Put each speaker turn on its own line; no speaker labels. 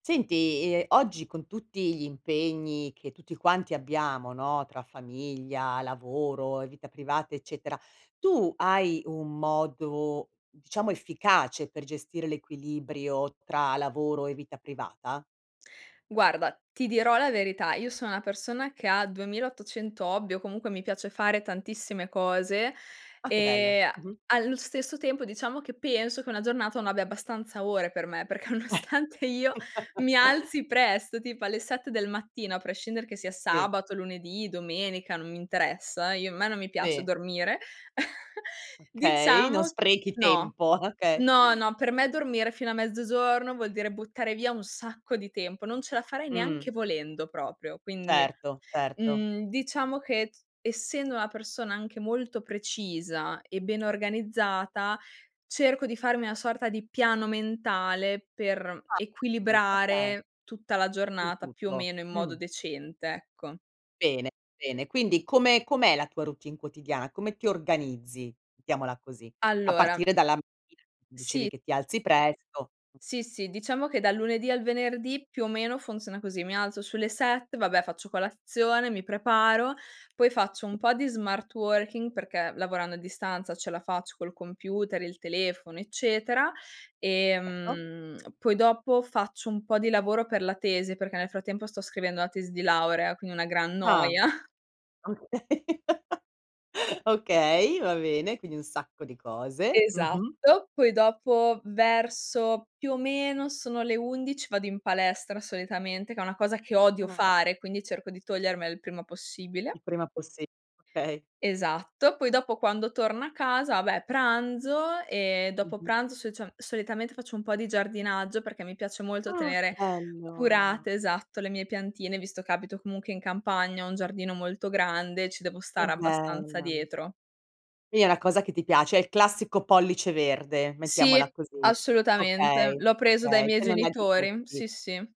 Senti, ehm, oggi, con tutti gli impegni, che tutti quanti abbiamo, no, tra famiglia, lavoro e vita privata, eccetera, tu hai un modo, diciamo, efficace, per gestire l'equilibrio tra lavoro e vita privata?
Guarda, ti dirò la verità: io sono una persona che ha 2.800 hobby, o comunque mi piace fare tantissime cose,
Ah, che bello.
e a
Mh-mh.
allo stesso tempo, diciamo, che penso che una giornata non abbia abbastanza ore per me, perché, nonostante io mi alzi presto, tipo alle 7 del mattino, a prescindere che sia
Sì.
sabato, lunedì, domenica, non mi interessa, io me non mi piace
Sì.
dormire,
Okay, non
diciamo
sprechi
no;
tempo, okay.
no, no, per me dormire fino a mezzogiorno vuol dire buttare via un sacco di tempo, non ce la farei
Mh.
neanche volendo proprio; quindi,
Certo, certo.
mhmm, diciamo che, essendo una persona anche molto precisa e ben organizzata, cerco di farmi una sorta di piano mentale, per
A tri okay.
equilibrare tutta la
Su
giornata più o
tutto.
meno in modo
Mh.
decente, ecco.
Bene, bene. Quindi come com'è la tua routine quotidiana? Come ti organizzi, mettiamola così. A
Allora
partire dalla mattina, dicevi
Sì.
che ti alzi presto.
Sì, sì, diciamo che dal lunedì al venerdì, più o meno funziona così: mi alzo sulle 7, vabbè, faccio colazione, mi preparo, poi faccio un po' di smart working, perché lavorando a distanza ce la faccio col computer, il telefono, eccetera.
Certo.
Ehm, poi dopo faccio un po' di lavoro per la tesi, perché nel frattempo sto scrivendo la tesi di laurea, quindi una gran
Ah!
noia.
Okay. Okay, va bene, quindi un sacco di cose. Mh-mh.
Esatto. Poi dopo, verso più o meno sono le 11, vado in palestra, solitamente, che è una cosa che odio
Ah!
fare, quindi cerco di togliermela il prima possibile.
Il prima possi okay.
Esatto. Poi dopo, quando torno a casa, vabbè pranzo e dopo
Mh-mh.
pranzo, socia solitamente faccio un po' di giardinaggio, perché mi piace molto
Ah, che
tenere
bello!
curate, esatto, le mie piantine, visto che abito comunque in campagna, ho un giardino molto grande e ci devo
Che
stare abbastanza
bella!
dietro.
Sì, è una cosa che ti piace. È il classico pollice verde,
Sì,
mettiamola così.
assolutamente.
Okay,
L'ho preso dai
okay,
miei
che non è da
genitori.
tutti.
Sì, sì.